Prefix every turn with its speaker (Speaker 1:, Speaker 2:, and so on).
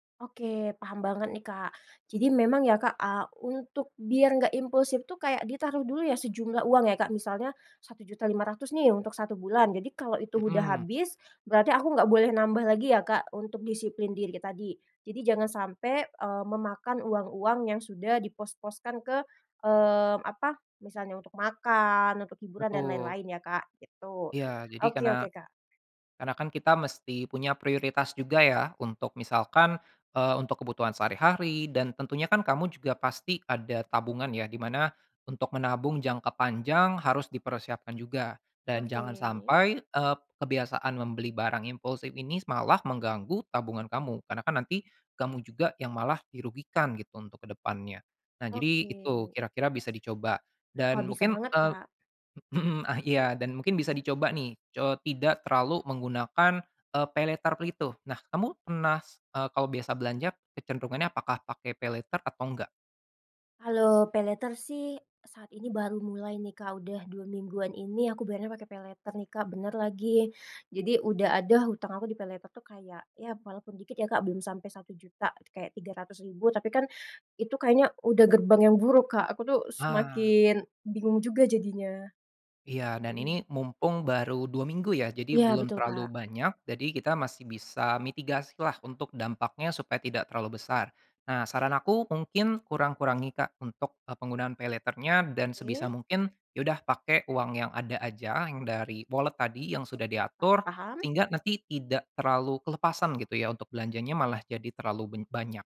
Speaker 1: Oke. Paham banget nih, Kak. Jadi memang ya, Kak, eee, untuk biar enggak impulsif tuh, kayak ditaruh dulu ya, sejumlah uang ya, Kak, misalnya Rp1.500.000 nih, untuk 1 bulan. Jadi, kalau itu udah
Speaker 2: Mhm.
Speaker 1: habis, berarti aku nggak boleh nambah lagi ya, Kak, untuk disiplin diri tadi. Jadi jangan sampai, eee, memakan uang-uang yang sudah dipos-poskan ke, mmm, apa, misalnya untuk makan, untuk hiburan dan
Speaker 2: Betul.
Speaker 1: lain-lain ya, Kak, gitu.
Speaker 2: Iya. Jadi,
Speaker 1: Oke
Speaker 2: karena
Speaker 1: oke, Kak.
Speaker 2: karena, kan kita mesti punya prioritas juga ya, untuk misalkan, eee, untuk kebutuhan sehari-hari dan tentunya kan kamu juga pasti ada tabungan ya, di mana untuk menabung jangka panjang harus dipersiapkan juga. Dan jangan
Speaker 1: Oke.
Speaker 2: sampai, eee, kebiasaan membeli barang impulsif ini s malah mengganggu tabungan kamu. Karena kan nanti kamu juga yang malah dirugikan gitu, untuk ke depannya. Nah, jadi itu
Speaker 1: Oke.
Speaker 2: kira-kira bisa dicoba
Speaker 1: Wah,
Speaker 2: dan
Speaker 1: bisa
Speaker 2: mungkin,
Speaker 1: banget,
Speaker 2: eee
Speaker 1: Kak.
Speaker 2: mhm, ah iya, dan mungkin bisa dicoba nih, co tidak terlalu menggunakan, eee, paylater gitu. Nah kamu pernah s eee, kalau biasa belanja kecenderungannya apakah pakai paylater atau enggak?
Speaker 1: Kalau paylater sih, saat ini baru mulai nih, Kak, udah 2 mingguan ini aku bayarnya pakai paylater nih, Kak, bener lagi. Jadi, udah ada hutang aku di paylater tuh kayak, ya walaupun dikit ya, Kak, belum sampai RP1.000.000, kayak Rp300.000, tapi kan, itu kayaknya udah gerbang yang buruk Kak, aku tuh
Speaker 2: Ah.
Speaker 1: semakin bingung juga jadinya.
Speaker 2: Iya, dan ini
Speaker 1: Mhm.
Speaker 2: mumpung baru 2 minggu ya, jadi
Speaker 1: Iya
Speaker 2: belum
Speaker 1: betul,
Speaker 2: terlalu
Speaker 1: Kak.
Speaker 2: banyak, jadi kita masih bisa mitigasi lah, untuk dampaknya, supaya tidak terlalu besar. Nah, saran aku mungkin kurang-kurangi, Kak, untuk, eee, penggunaan paylater-nya dan sebisa
Speaker 1: Oke.
Speaker 2: mungkin, ya udah pakai uang yang ada aja, yang dari wallet tadi, yang sudah
Speaker 1: Oke, paham
Speaker 2: diatur,
Speaker 1: paham.
Speaker 2: sehingga nanti tidak terlalu kelepasan gitu ya, untuk belanjanya malah jadi terlalu ben banyak.